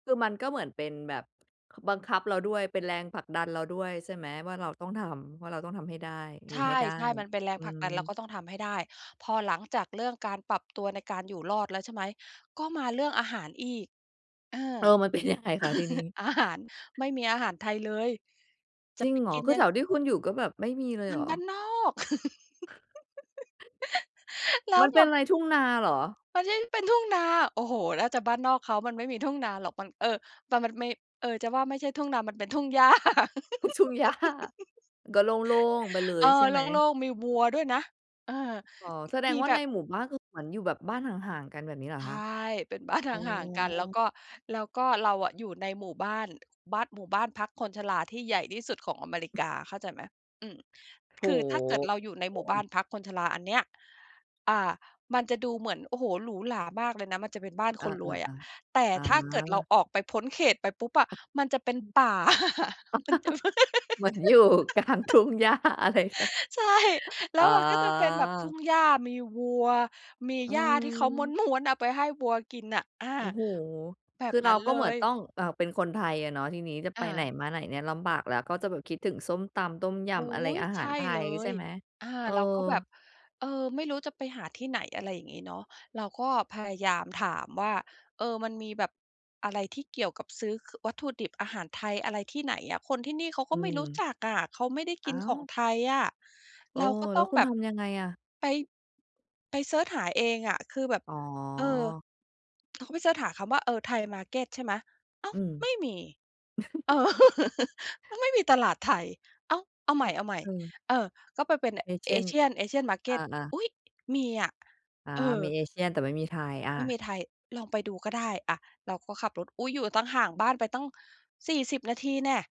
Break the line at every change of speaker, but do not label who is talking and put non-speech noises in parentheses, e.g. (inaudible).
คือมันก็เหมือนเป็นแบบบังคับเราด้วย เป็นแรงผลักดันเราด้วย ใช่ไหม ว่าเราต้องทำ ว่าเราต้องทำให้ได้ อ
ใ
ย
ช
ู่ให้ได้
่ ๆ มันเป็นแรง
อื
ผลักดัน เรา
ม
ก็ต้องทำให้ได้ พอหลังจากเรื่องการปรับตัวในการอยู่รอดแล้ว ใช่ไหม ก็มาเรื่องอาหารอีก เออ
เออ มันเป็น ยังไง คะที่นี่?
(laughs) อาหาร ไม่มีอาหารไทยเลย จ
จ
ะ
ริ
ไป
งเหร
ก
อ?
ิน
คื
ย
อ
ั
แถ
ง
วที่คุณอยู่ก็แบบไม่มีเลย
ม
เ
ั
ห
น
รอ?
บ้านนอก (laughs) แล้
ม
ว
ันเ
แ
ป
บ
็น
บ
อะไรทุ่งนาเหรอ?
มันใช่ เป็นทุ่งนา โอ้โฮ! น่าจะบ้านนอกเขา มันไม่มีทุ่งนาหรอก มัน เอ่อ มัน มันไม่ เอ่อ จะว่าไม่ใช่ทุ่งนา มันเป็นทุ่งหญ้า (laughs)
ท ทุ่งหญ้า ก็โล่ง ๆ ไปเล
เอ
ย
อ
ใช่
โ
ไหม?
ล่ง ๆ มีวัวด้วยนะ เออ
อ๋อ
ม
แสด
ม
ง
ี
ว่า
แบ
ใน
บ
หมู่บ้าน ก็คือเหมือนอยู่แบบบ้านห่าง ๆ กันแบบนี้เหรอ
ใช
คะ?
่ เป็น บ้าน ห
อ๋อ
่าง ๆ กัน แล้วก็ แล้วก็เราอะอยู่ในหมู่บ้าน บ้าน หมู่บ้านพักคนชราที่ใหญ่ที่สุดของอเมริกา เข้าใจไหม อืม
โอ
ค
้
ือถ้าเกิดเราอยู่ใน
โฮ โฮ โ
ห
อ
มู่บ้า
้
นพักคนชราอันเนี้ย อ่า มันจะดูเหมือน โอ้โฮ หรูหรามากเลยนะ มันจะเป็นบ้าน
อ
ค
ะ
นรวยอะ
ๆ
แต่
ๆ อ
ถ้าเกิดเรา
า
ออกไปพ้นเขตไปปุ๊บอะ
อ
มันจะเป็น
อืม
ป่า (laughs) มันจะ (laughs)
(laughs) เหมือนอยู่กลางทุ่งหญ้าอะไรตะ
ใช่ แล้
อ๋อ
วมันก็จะเป็นแบบทุ่งหญ้า มีวัว มี
อื
หญ้าที่เขา
ม
ม้วน ๆ เอาไปให้วัวกินน่ะ อา
โอ้โฮ
แบ
คื
บ
อ
น
เ
ั
รา
้น
ก
เล
็เหมือน
ย
ต้อง อ่า เป็นคนไทยอะเนาะ ที่นี้จะไ
อ
ปไหน
า
มาไหนเนี่ยลำบาก แล้วก็จะแบบคิดถึงส้มตำ ต้มย
อุ๊
ำ อะไร
ย!
อาห
ใ
า
ช
ร
่
ไท
เล
ย ใช่
ย
ไหม?
อ่า
เออ
เราก็แบบ เอ่อ ไม่รู้จะไปหาที่ไหน อะไรอย่างงี้เนาะ เราก็พยายามถามว่า เอ่อ มันมีแบบอะไรที่เกี่ยวกับซื้อ ค วัตถุดิบอาหารไทย อะไรที่ไหนอะ คนที่นี่เขา
อ
ก็
ื
ไม่รู้
ม
จักอะ เขาไม่ได้ก
อ้
ิน
า
ข
ว!
องไทยอะ
โอ้
เราก็ต
แล
้
้
อ
ว
ง
คุ
แ
ณ
บบ
ทำยังไงอะ?
ไป ไปเซิร์ชหาเองอะ คือแบบ
อ๋
เออ
อ
เขาก็ไปเซิร์ชหาคำว่า เอ่อ ไทย market ใช่ไหม อ้า
อ
ว
ืม
ไม่มี เออ
(chuckles)
(laughs) มันไม่มีตลาดไทย อ้าว เอาใ
เ
ห
ออ
ม่
เออ
ๆ เออ ก็ไปเป็น
อย่างเช่น
Asian Asian
อ
market
า ๆ
อุ๊ย! มีอะ
อ่า
เออ
มี Asian แต่ไม่มีไทย อ
ไม่
ะ
มีไทย ลองไปดูก็ได้ อะ เราก็ขับรถ อุ๊ย! อยู่ตั้งห่างบ้านไปตั้ง 40 นาทีแน่ะ